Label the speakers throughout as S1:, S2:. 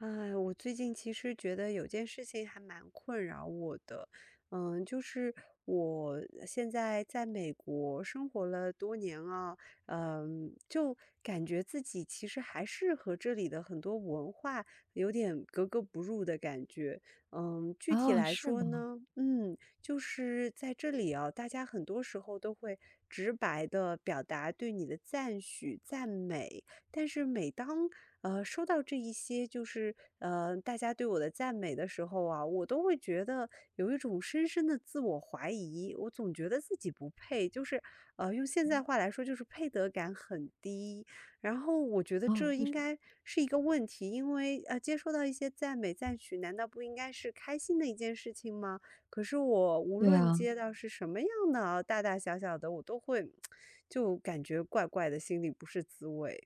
S1: 唉，我最近其实觉得有件事情还蛮困扰我的。嗯，就是我现在在美国生活了多年啊，嗯，就感觉自己其实还是和这里的很多文化，有点格格不入的感觉，嗯，具体
S2: 哦，
S1: 来
S2: 是
S1: 说
S2: 吗？
S1: 呢，嗯，就是在这里啊，大家很多时候都会直白地表达对你的赞许、赞美，但是每当，呃，说到这一些就是，呃，大家对我的赞美的时候啊，我都会觉得有一种深深地自我怀疑，我总觉得自己不配，就是，呃，用现在
S2: 嗯？
S1: 话来说就是配得感很低。然后我觉得
S2: 啊，
S1: 这
S2: 为
S1: 应
S2: 什么？
S1: 该是一个问题，因为，呃，接收到一些赞美、赞许，难道不应该是开心的一件事情吗？可是我无
S2: 对
S1: 论
S2: 啊。
S1: 接到是什么样的哦，大大小小的，我都会 就感觉怪怪的，心里不是滋味。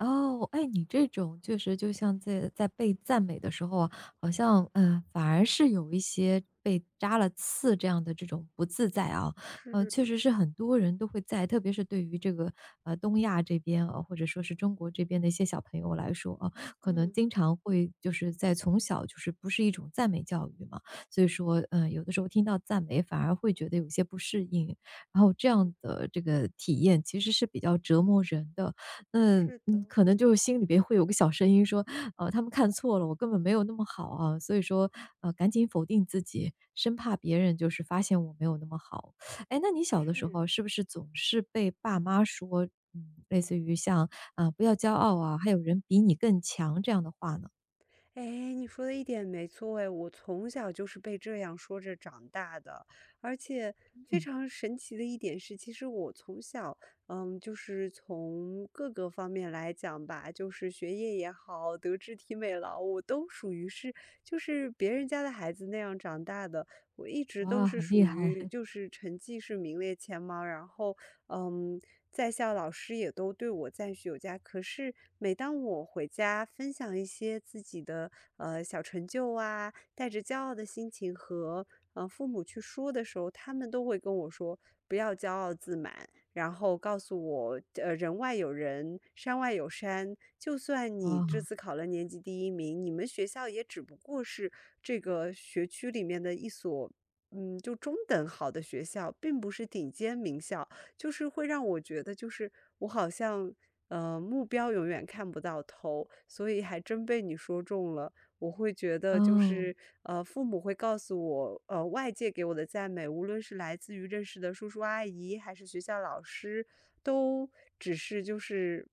S2: 哦，哎，你这种确实就像在在被赞美的时候啊，好像，呃，反而是有一些被扎了刺这样的这种不自在啊，呃，确
S1: 是。
S2: 实是很多人都会在特别是对于这个，呃，东亚这边啊，或者说是中国这边的一些小朋友来说啊，可能
S1: 嗯。
S2: 经常会就是在从小，就是不是一种赞美教育嘛，所以说，呃，有的时候听到赞美，反而会觉得有些不适应，然后这
S1: 嗯。
S2: 样的这个体验其实是比较折磨人的。那
S1: 是的。
S2: 嗯，可能就心里边会有个小声音说：“呃，他们看错了，我根本没有那么好啊。”所以说，呃，赶紧否定自己，生怕别人就是发现我没有那么好，诶，那你小的时
S1: 是。
S2: 候是不是总是被爸妈说，嗯，类似于像，“啊，不要骄傲啊，还有人比你更强这样的话呢？”
S1: 诶，你说的一点没错哎，我从小就是被这样说着长大的。而且非
S2: 嗯。
S1: 常神奇的一点是，其实我从小，呃，就是从各个方面来讲吧，就是学业也好，德智体美劳我都属于是就是别人家的孩子那样长大的。我一直都
S2: 哇，
S1: 是
S2: 很厉
S1: 属
S2: 害。
S1: 于 就是成绩是名列前茅，然后，呃，在校老师也都对我赞许有加。可是每当我回家分享一些自己的，呃，小成就啊，带着骄傲的心情和，呃，父母去说的时候，他们都会跟我说“不要骄傲自满”。然后告诉我，呃，人外有人，山外有山，就算你这
S2: 哦。
S1: 次考了年级第1名，你们学校也只不过是这个学区里面的一所，嗯，就中等好的学校，并不是顶尖名校。就是会让我觉得就是我好像，呃，目标永远看不到头，所以还真被你说中了。我会觉得就
S2: 嗯。
S1: 是，呃，父母会告诉我，呃，外界给我的赞美，无论是来自于认识的叔叔阿姨，还是学校老师，都只是就是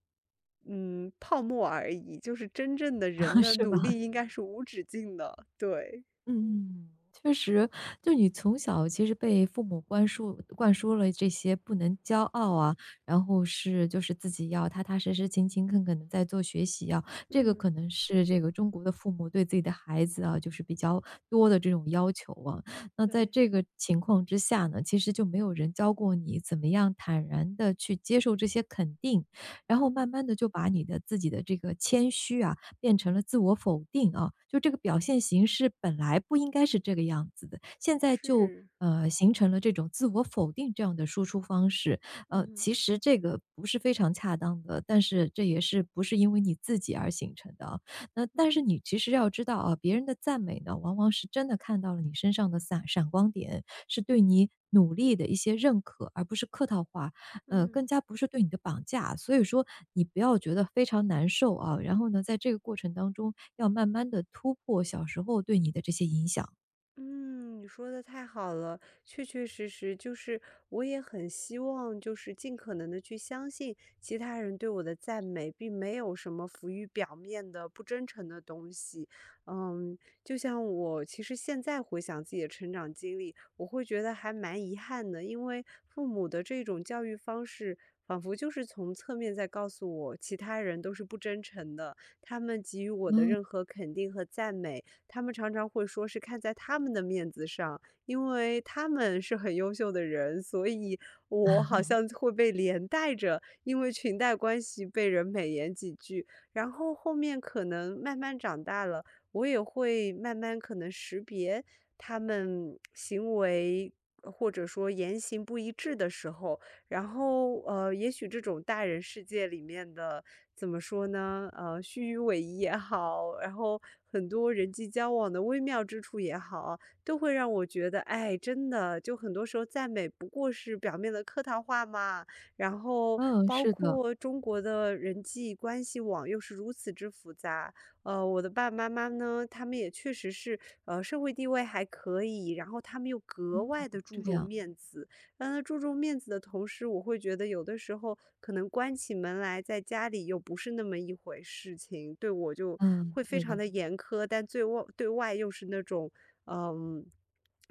S1: 嗯，泡沫而已，就是真正的人 的
S2: 是
S1: 努
S2: 吧？
S1: 力应该是无止境的，对。
S2: 嗯，确实，就是你从小其实被父母观树灌输了这些不能骄傲啊，然后是就是自己要踏踏实实、勤勤恳恳地在做学习啊，这个
S1: 嗯。
S2: 可能是这个中国的父母对自己的孩子啊，就是比较多的这种要求啊。那在
S1: 对。
S2: 这个情况之下呢，其实就没有人教过你怎么样坦然地去接受这些肯定，然后慢
S1: 嗯。
S2: 慢地就把你的自己的这个谦虚啊，变成了自我否定啊，就这个表现形式本来不应该是这个样子的，现在就，
S1: 是。
S2: 呃，形成了这种自我否定这样的输出方式，呃，
S1: 嗯。
S2: 其实这个不是非常恰当的，但是这也是不是因为你自己而形成的啊。那但是
S1: 嗯。
S2: 你其实要知道啊，别人的赞美呢，往往是真的看到了你身上的散闪光点，是对你努力的一些认可，而不是客套话，呃，
S1: 嗯。
S2: 更加不是对你的绑架啊。所以说你不要觉得非常难受啊，然后呢，在这个过程当中，要慢慢地突破小时候对你的这些影响。
S1: 嗯，你说得太好了，确确实实就是我也很希望就是尽可能地去相信其他人对我的赞美，并没有什么浮于表面的不真诚的东西。嗯，就像我其实现在回想自己的成长经历，我会觉得还蛮遗憾的，因为父母的这种教育方式，仿佛就是从侧面在告诉我，其他人都是不真诚的，他们给予我的
S2: 嗯。
S1: 任何肯定和赞美，他们常常会说是看在他们的面子上，因为他们是很优秀的人，所以我好 像会被连带着，因为裙带关系被人美言几句。然后后面可能慢慢长大了，我也会慢慢可能识别，他们行为或者说言行不一致的时候。然后，呃，也许这种大人世界里面的怎么说呢？呃，虚与委蛇也好，然后很多人际交往的微妙之处也好，都会让我觉得，哎，真的，就很多时候赞美不过是表面的客套话嘛，然后
S2: 嗯，
S1: 包
S2: 是的。
S1: 括中国的人际关系网又是如此之复杂，呃，我的爸爸妈妈呢，他们也确实是，呃，社会地位还可以，然后他们又格
S2: 嗯，
S1: 外地注
S2: 这
S1: 重
S2: 样。
S1: 面子。让他注重面子的同时，我会觉得有的时候，可能关起门来在家里，又不是那么一回事情，对我就
S2: 嗯，
S1: 会非
S2: 对
S1: 常
S2: 的。
S1: 地严苛，但最外对外又是那种，嗯，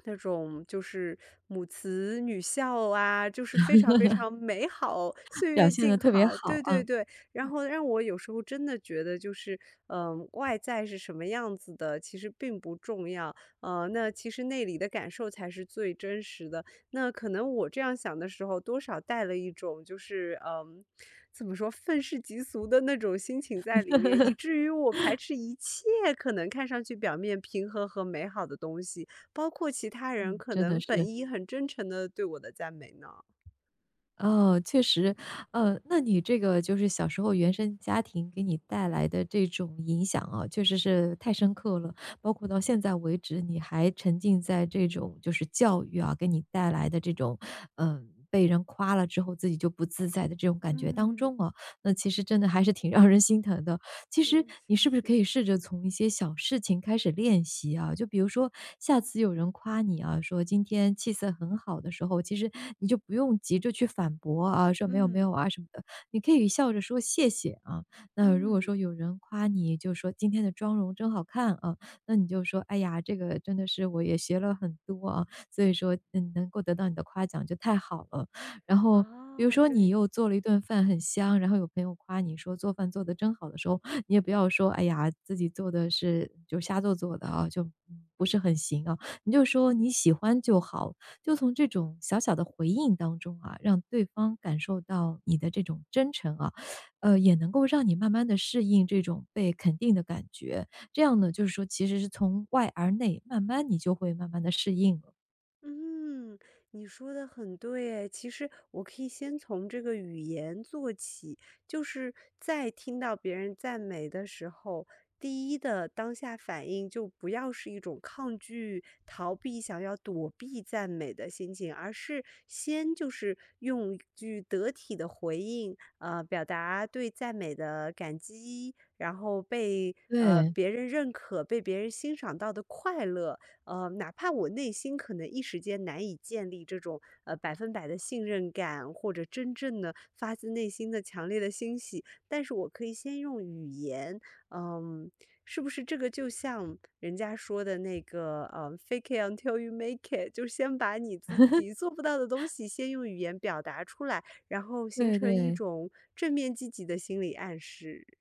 S1: 那种就是母慈女孝啊，就是非常非常美好，岁
S2: 表
S1: 月
S2: 现
S1: 静
S2: 得特别
S1: 好。
S2: 好
S1: 对
S2: 啊，
S1: 对对，然
S2: 嗯。
S1: 后让我有时候真的觉得就是，嗯，外在是什么样子的，其实并不重要，啊，那其实内里的感受才是最真实的，那可能我这样想的时候，多少带了一种就是，嗯，怎么说，愤世嫉俗的那种心情在里面，以 至于我排斥一切，可能看上去表面平和和美好的东西，包括其他人
S2: 嗯，
S1: 可
S2: 真的
S1: 能本
S2: 是。
S1: 应很真诚地对我的赞美呢。
S2: 嗯，确实，呃，那你这个就是小时候原生家庭给你带来的这种影响啊，确实是太深刻了，包括到现在为止，你还沉浸在这种就是教育啊，给你带来的这种，呃，被人夸了之后，自己就不自在的这种感觉当
S1: 嗯。
S2: 中啊，那其实真的还是挺让人心疼的。其实，
S1: 嗯，
S2: 你
S1: 谢
S2: 是不是可
S1: 谢。
S2: 以试着从一些小事情开始练习啊？就比如说下次有人夸你啊，说今天气色很好的时候，其实你就不用急着去反驳啊，说：“没有没有
S1: 嗯。
S2: 啊“什么的，你可以笑着说：“谢谢”啊。那如果
S1: 嗯。
S2: 说有人夸你，就说今天的妆容真好看啊，那你就说：“哎呀，这个真的是我也学了很多啊，所以说能够得到你的夸奖就太好了。“然后比如
S1: 哦，
S2: 说你
S1: 对。
S2: 又做了一顿饭很香，然后有朋友夸你说：“做饭做得真好”的时候，你也不要说：“哎呀，自己做得是就瞎做做的啊，就不是很行啊。“你就说：”你喜欢就好。“就从这种小小的回应当中啊，让对方感受到你的这种真诚啊，呃，也能够让你慢慢地适应这种被肯定的感觉，这样呢，就是说其实是从外而内，慢慢你就会慢慢地适应了。
S1: 嗯，你说得很对诶，其实我可以先从这个语言做起，就是在听到别人赞美的时候，第一的当下反应就不要是一种抗拒逃避，想要躲避赞美的心情，而是先就是用一句得体的回应，呃，表达对赞美的感激，然后被，呃，
S2: 对。
S1: 别人认可、被别人欣赏到的快乐。呃，哪怕我内心可能一时间难以建立这种，呃，100%的信任感，或者真正地发自内心的强烈的欣喜，但是我可以先用语言，嗯，是不是这个就像人家说的那个，呃，Fake it untill you make it 就先把你自 己做不到的东西先用语言表达出来，然后形
S2: 对
S1: 成一
S2: 对。
S1: 种正面积极的心理暗示。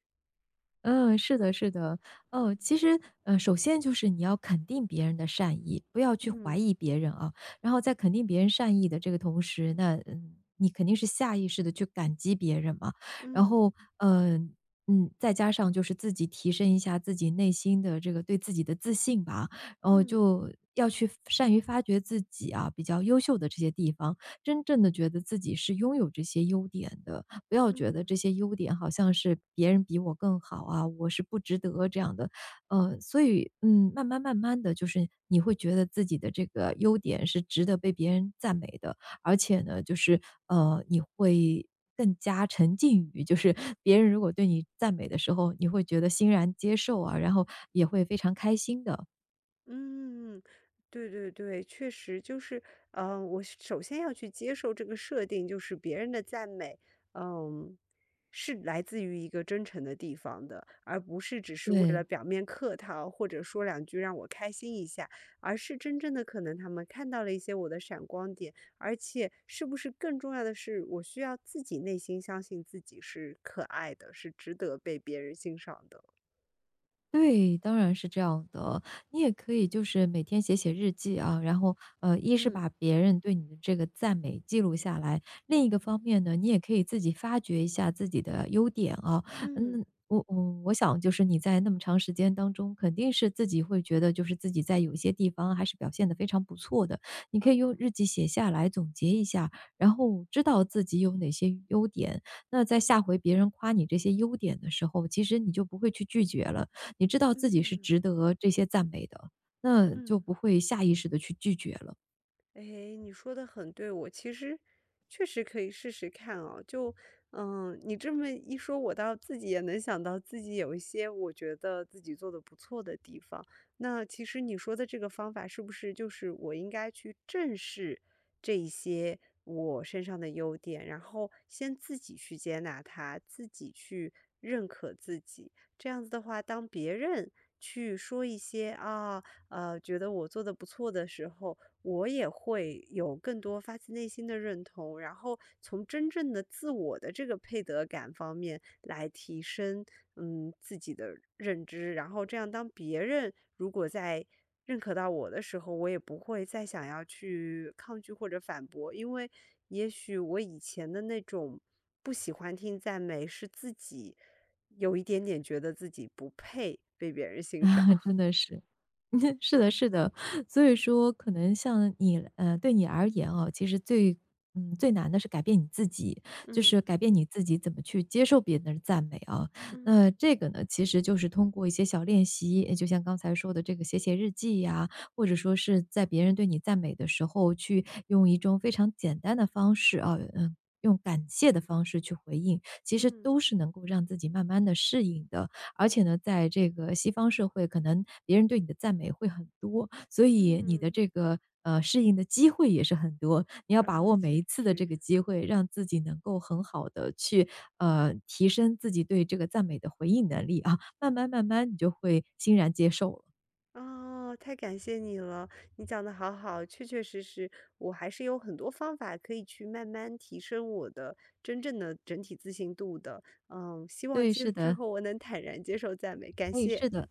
S2: 嗯，是的是的，呃，其实，呃，首先就是你要肯定别人的善意，不要去怀
S1: 嗯。
S2: 疑别人啊。然后在肯定别人善意的这个同时，那，呃，你肯定是下意识地去感激别人嘛，然
S1: 嗯。
S2: 后，嗯，嗯，再加上就是自己提升一下自己内心的这个对自己的自信吧，然后
S1: 嗯。
S2: 就要去善于发掘自己啊，比较优秀的这些地方，真正地觉得自己是拥有这些优点的，不要觉得
S1: 嗯。
S2: 这些优点好像是别人比我更好啊，我是不值得这样的。呃，所以，嗯，慢慢慢慢的，就是你会觉得自己的这个优点，是值得被别人赞美的。而且呢，就是，呃，你会更加沉浸于就是别人如果对你赞美的时候，你会觉得欣然接受啊，然后也会非常开心的。
S1: 嗯，对对对，确实就是，呃，我是首先要去接受这个设定就是别人的赞美，嗯，是来自于一个真诚的地方的，而不是只是为了
S2: 对。
S1: 表面客套，或者说两句让我开心一下，而是真正的可能他们看到了一些我的闪光点，而且是不是更重要的是，我需要自己内心相信自己是可爱的，是值得被别人欣赏的。
S2: 对，当然是这样的，你也可以就是每天写写日记啊，然后，呃，一是
S1: 嗯。
S2: 把别人对你的这个赞美记录下来，另一个方面呢，你也可以自己发掘一下自己的优点啊，
S1: 嗯。
S2: 嗯，我我我想就是你在那么长时间当中，肯定是自己会觉得就是自己在有些地方，还是表现得非常不错的，你可以
S1: 哦。
S2: 用日记写下来总结一下，然后知道自己有哪些优点，那在下回别人夸你这些优点的时候，其实你就不会去拒绝了，你知道自己是
S1: 嗯。
S2: 值得这些赞美的，那就
S1: 嗯。
S2: 不会下意识地去拒绝了。
S1: 诶，你说得很对，我其实确实可以试试看啊，就呃，你这么一说，我倒自己也能想到自己有一些我觉得自己做的不错的地方。那其实你说的这个方法，是不是就是我应该去正视这一些我身上的优点，然后先自己去接纳它，自己去认可自己。这样子的话，当别人去说一些，啊，呃，觉得我做得不错的时候，我也会有更多发自内心的认同，然后从真正的自我的这个配得感方面来提升，嗯，自己的认知。然后这样当别人，如果在认可到我的时候，我也不会再想要去抗拒或者反驳。因为也许我以前的那种不喜欢听赞美，是自己有一点点觉得自己不配被别人欣
S2: 啊，
S1: 赏。
S2: 真的是。是的是的，所以说可能像你呃，对你而言啊，其实最嗯，最难地是改变你自己，就
S1: 嗯。
S2: 是改变你自己怎么去接受别人的赞美啊。
S1: 嗯。
S2: 那这个呢，其实就是通过一些小练习，就像刚才说的这个写写日记啊，或者说是在别人对你赞美的时候，去用一种非常简单的方式啊，呃，用感谢的方式去回应。其实
S1: 嗯。
S2: 都是能够让自己慢慢地适应的，而且呢，在这个西方社会，可能别人对你的赞美会很多。所以你的
S1: 嗯。
S2: 这个，呃，适应的机会也是很多，你要把
S1: 啊，
S2: 握每
S1: 确
S2: 一次的这
S1: 实。
S2: 个机会，让自己能够很好地去，呃，提升自己对这个赞美的回应能力啊，慢慢慢慢你就会欣然接受了。
S1: 哦，太感谢你了，你讲得好好，确确实实，我还是有很多方法，可以去慢慢提升我的真正的整体自信度的，呃，希望
S2: 对，
S1: 今
S2: 是
S1: 之
S2: 的。
S1: 后我能坦然接受赞美，感
S2: 诶，
S1: 谢。
S2: 是的。